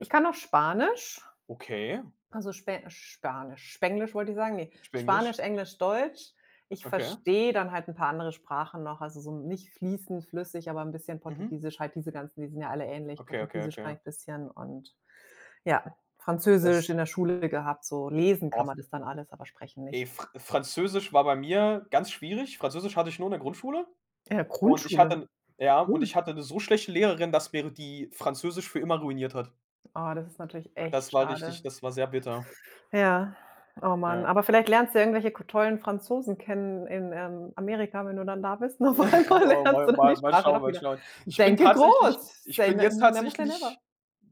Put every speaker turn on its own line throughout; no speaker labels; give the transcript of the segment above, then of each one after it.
Ich kann noch Spanisch.
Okay.
Also, Spe Spanisch, Spenglisch wollte ich sagen, ne.
Spenglisch.
Spanisch, Englisch, Deutsch. Ich
Okay.
verstehe dann halt 'n paar andere Sprachen noch. Also, so nicht fließend flüssig, aber 'n bisschen
Mhm.
Portugiesisch, halt diese ganzen die sind ja alle ähnlich.
Okay, okay,
Portugiesisch kann
okay.
ich 'n bisschen und ja,
Das
Französisch in der Schule gehabt. So, lesen kann
Oh.
man das dann alles, aber sprechen
Ey,
nicht.
Fr Französisch war bei mir ganz schwierig. Französisch hatte ich nur in der Grundschule
In der,
und ich hatte
Grundschule.
'n ja, und ich
Cool.
hatte 'ne so schlechte Lehrerin, dass mir die Französisch für immer ruiniert hat.
Oh, das ist natürlich
Das
echt
war richtig
schade.
das war sehr bitter.
Ja. Oh Mann,
Ja.
aber vielleicht lernst du irgendwelche k tollen Franzosen kennen in, ähm, Amerika, wenn du dann da bist und auf einmal
Oh,
lernst
mal
du dann die
mal mal
Sprache
schauen,
doch
mal
wieder.
schauen. Ich bin
Denke
tatsächlich
groß.
ich
Say
bin
ne
jetzt
never say never.
tatsächlich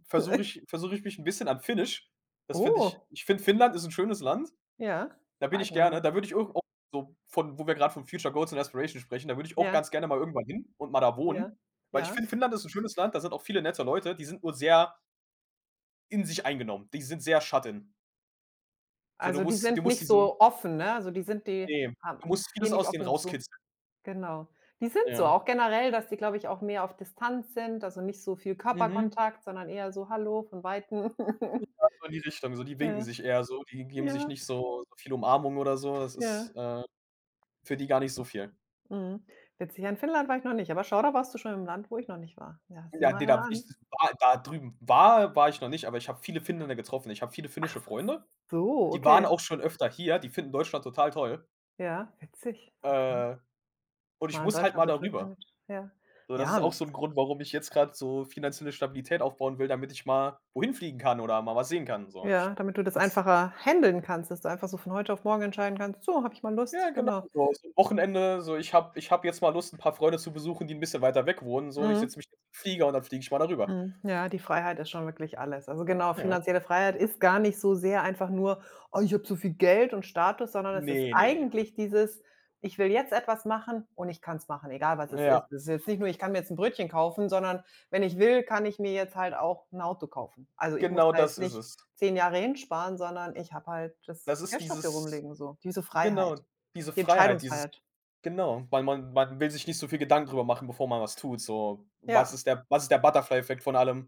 versuche ich versuche ich mich 'n bisschen an Finnisch. Das finde ich
Oh.
ich finde, Finnland ist 'n schönes Land.
Ja,
Da bin
war ich
ich
noch
gerne,
nie.
da würde ich ir auch so von wo wir grad von Future Goals und Inspiration sprechen, da würde ich auch
Ja.
ganz gerne mal irgendwann hin und mal da
Ja,
wohnen, weil ich
ja.
finde, Finnland ist 'n schönes Land. Da sind auch viele nette Leute, die sind nur sehr in sich eingenommen, die sind sehr shut in. So du
Also, die
musst du
sind
musst
nicht
diesen
so offen, ne? Also, die sind die
Ne,
haben
du musst
gehen
vieles
nicht
aus denen
offen zu.
rauskitzeln.
Genau. Die sind so,
Ja.
auch generell, dass die, glaube ich, auch mehr auf Distanz sind. Also, nicht so viel
Mhm.
Körperkontakt, sondern eher so: „Hallo“ von weitem.
Ja, so in die Richtung. So die winken
Ja.
sich eher so, die geben sich
Ja.
nicht so so viel Umarmungen oder so. Das ist,
Ja.
äh, für die gar nicht so viel.
Mhm. Witzig, ja in Finnland war ich noch nicht, aber schau da warst du schon im Land, wo ich noch nicht war. Ja, sieh
Ja,
mal
ne,
einer
da w ich
an.
war da drüben war war ich noch nicht, aber ich habe viele Finnen getroffen. Ich habe viele
Ach
finnische
was.
Freunde.
So,
Die waren
okay.
auch schon öfter hier, die finden Deutschland total toll.
Ja, witzig. Okay.
Äh, und
Was
ich
man an
muss halt
Deutschland
mal
so
da
toll
rüber.
findet, ja.
So das ist
Ja,
auch so 'n
musst
Grund, warum ich jetzt grad so finanzielle Stabilität aufbauen will, damit ich mal wohin fliegen kann oder mal was sehen kann so. Ich
Ja, damit du das
finde es
einfacher handeln kannst, dass du einfach so von heute auf morgen entscheiden kannst: „So habe ich mal Lust.“
Ja genau,
Genau.
so so Wochenende, so ich habe ich habe jetzt mal Lust, 'n paar Freunde zu besuchen, die 'n bisschen weiter weg wohnen, so ich
Mhm.
setze mich jetzt in 'n Flieger und dann fliege ich mal da rüber.
Mhm. Ja, die Freiheit ist schon wirklich alles. Also, genau,
Ja.
finanzielle Freiheit ist gar nicht so sehr einfach nur: „Oh, ich habe zu viel Geld und Status“, sondern es
Ne,
ist
ne, ne.
eigentlich dieses: „Ich will jetzt etwas machen und ich kann's machen, egal, was es ist.“
Ja.
Das ist jetzt nicht nur: „Ich kann mir jetzt 'n Brötchen kaufen“, sondern: „Wenn ich will, kann ich mir jetzt halt auch 'n Auto kaufen. Also, ich muss
Genau
da jetzt
das ist
nicht
es.
10 Jahre hinsparen, sondern ich habe halt das
Das ist
Cash dafür
dieses
rumliegen“, so, diese
genau,
Freiheit,
diese
die
Freiheit, dieses
Entscheidungsfreiheit.
genau, weil man man will sich nicht so viel Gedanken drüber machen, bevor man was tut, so: „Was
Ja.
ist der was ist der Butterfly-Effekt von allem?“